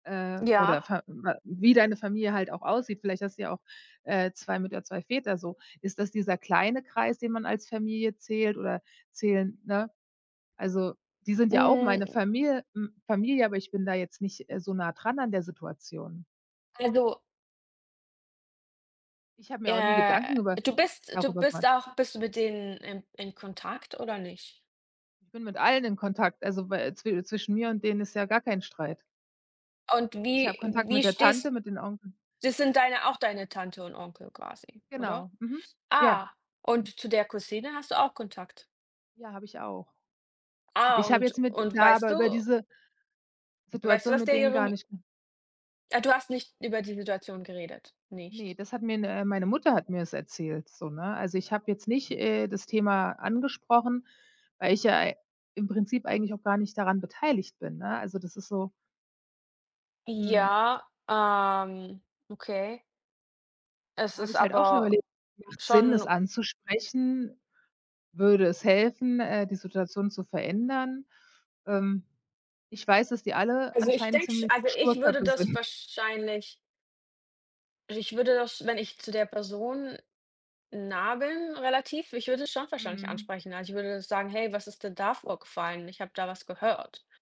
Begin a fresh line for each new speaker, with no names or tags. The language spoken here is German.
Äh. Oder
Ja.
Verwa wie deine Familie halt auch aussieht. Vielleicht hast du ja auch, äh, 2 Mütter, 2 Väter so. Ist das dieser kleine Kreis, den man als Familie zählt oder zählen ne? Also die sind ja auch meine
Hm
Famil m Familie, aber ich bin da jetzt nicht, äh, so nah dran an der Situation.
Also
Ich habe mir auch nie
Äh,
Gedanken über
du bist du
darüber
bist
gemacht.
auch bist du mit denen in in Kontakt, oder nicht?
Ich bin mit allen in Kontakt, also wä zwi zwischen mir und denen ist ja gar kein Streit.
Und
Ich habe
wie
Kontakt mit
wie
der Tante,
stehst
mit den Onkel.
das sind deine auch deine Tante und Onkel quasi, oder?
Genau, mhm, ja.
Ah, und zu der Cousine hast du auch Kontakt?
Ja, habe ich auch.
Ah,
Ich habe
und
jetzt mit
und
da
weißt
aber
du
über diese ge
weißt du,
Situation
was
mit
der
denen gar
ihrem
nicht
Ah, du hast nicht über die Situation geredet,
Ne,
nicht.
das hat mir ne meine Mutter hat mir das erzählt, so, ne? Also ich habe jetzt nicht, äh, das Thema angesprochen, weil ich ja ei im Prinzip eigentlich auch gar nicht daran beteiligt bin, ne? Also das ist so Mhm.
Ja, ähm, okay. Es
Habe
ist
ich halt auch schon
aber
überlegt: Macht es Sinn, es
schon
anzusprechen? Würde es helfen, äh, die Situation zu verändern? Ähm, ich weiß, dass die alle
Also ich
anscheinend
denke
ziemliche
also ich würde
Sturköpfe
das
sind.
wahrscheinlich ich würde das, wenn ich zu der Person nah bin, relativ, ich würde es schon wahrscheinlich
Mhm.
ansprechen. Also ich würde sagen: „Hey, was ist denn da vorgefallen? Ich habe da was gehört“.